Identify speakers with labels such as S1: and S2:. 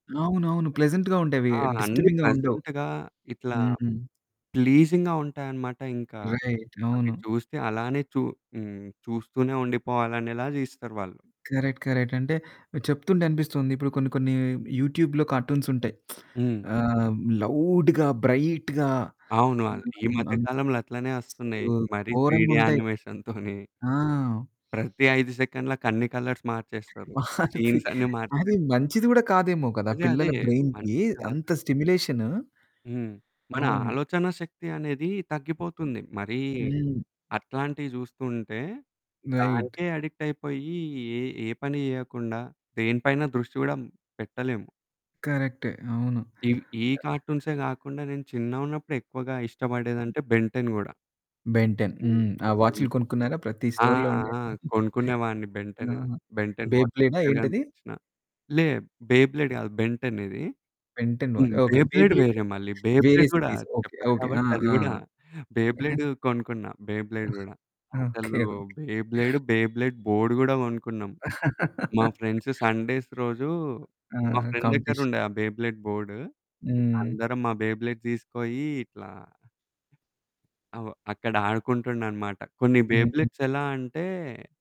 S1: అవునవును ప్లెజెంట్‌గా ఉండేవి.
S2: ఆ! అన్ని
S1: డిస్టర్బింగ్‌గా ఉండవు.
S2: ప్లెజెంట్‌గా ఇట్లా
S1: హ్మ్.
S2: ప్లీజింగ్‌గా ఉంటాయన్నమాట. ఇంకా
S1: రైట్
S2: అవి
S1: అవును.
S2: చూస్తే అలానే చూ హ్మ్, చూస్తూనే ఉండిపోవాలనేలా తీస్తారు వాళ్ళు.
S1: Correct, correct. అంటే చెప్తుంటే అనిపిస్తుంది. ఇప్పుడు కొన్ని కొన్ని యూట్యూబ్‌లో కార్టూన్స్ ఉంటాయి.
S2: హ్మ్.
S1: ఆహ్, లౌడ్‌గా, బ్రైట్‌గా
S2: అవును. [unintelligible] ఈ మధ్య
S1: [unintelligible]
S2: కాలంలో అట్లనే వస్తున్నాయి.
S1: అసలు
S2: మరి
S1: ఘోరంగా
S2: త్రీడీ
S1: ఉంటాయి.
S2: యానిమేషన్‌తోని.
S1: ఆ!
S2: ప్రతి 5 సెకండ్లకి అన్ని కలర్స్ మార్చేస్తారు.
S1: మారుతి,
S2: సీన్స్ అన్ని మార్చేస్తారు.
S1: అది మంచిది కూడా కాదేమో కదా.
S2: అదే అదే.
S1: పిల్లల బ్రైన్‌కి
S2: మంచిది కాదు.
S1: అంత స్టిమ్యులేషన్.
S2: హ్మ్. మన
S1: అవును.
S2: ఆలోచన శక్తి అనేది తగ్గిపోతుంది. మరి
S1: హ్మ్.
S2: అట్లాంటివి చూస్తుంటే
S1: రైట్.
S2: దానికే అడిక్ట్ అయిపోయి. ఏ ఏ పని చేయకుండా దేని పైన దృష్టి కూడా పెట్టలేము.
S1: కరెక్టె. అవును. ఆ!
S2: ఈ కార్టూన్సే కాకుండా నేను చిన్నగా ఉన్నప్పుడు ఎక్కువగా ఇష్టపడేది
S1: హ్మ్.
S2: అంటే 'బెన్ టెన్' కూడా.
S1: 'Ben Ten.'
S2: హ్మ్.
S1: హ్మ్, ఆ
S2: బెన్
S1: వాచులు కొనుక్కున్నారా ప్రతి
S2: ఆ!
S1: స్టోర్‌లో ఉండేవి.
S2: ఆ! కొనుక్కునే వాడిని 'బెన్ టెన్.'
S1: ఆ!
S2: 'బెన్ టెన్'
S1: బే
S2: వాచ్
S1: బ్లేడా ఆ
S2: ఎక్కడ
S1: ఏంటది?
S2: కనిపించినా. లే, 'బే బ్లేడ్' కాదు. 'బెన్ టెన్' ఇది.
S1: ఓకే. 'బెన్ టెన్' వా
S2: హ్మ్, 'Bey
S1: okay. 
S2: Beyblade'
S1: blade?
S2: వేరే మళ్ళీ. 'బే
S1: వేరే
S2: బ్లేడ్' కూడా
S1: సిరీస్. ఓకే,
S2: చెప్పాను
S1: ఓకే, ఆ!
S2: కాబట్టి అది
S1: ఆ!
S2: కూడా 'బే బ్లేడ్' కొనుక్కున్నా, 'బే బ్లేడ్' కూడా
S1: ఓకే,
S2: అసలు
S1: okay.
S2: 'Beyblade, Beyblade' board కూడా కొనుక్కున్నాం. మా ఫ్రెండ్స్ సండేస్ రోజు
S1: ఆ!
S2: మా ఫ్రెండ్ దగ్గర
S1: కాంపిటీషన్.
S2: ఉండే ఆ 'బే బ్లేడ్' బోర్డ్.
S1: హ్మ్.
S2: అందరం మా 'బే బ్లేడ్' తీసుకొని ఇట్లా అక్కడ ఆడుకుంటుండన్నమాట. కొన్ని
S1: హ్మ్.
S2: బేబ్లెట్స్ ఎలా అంటే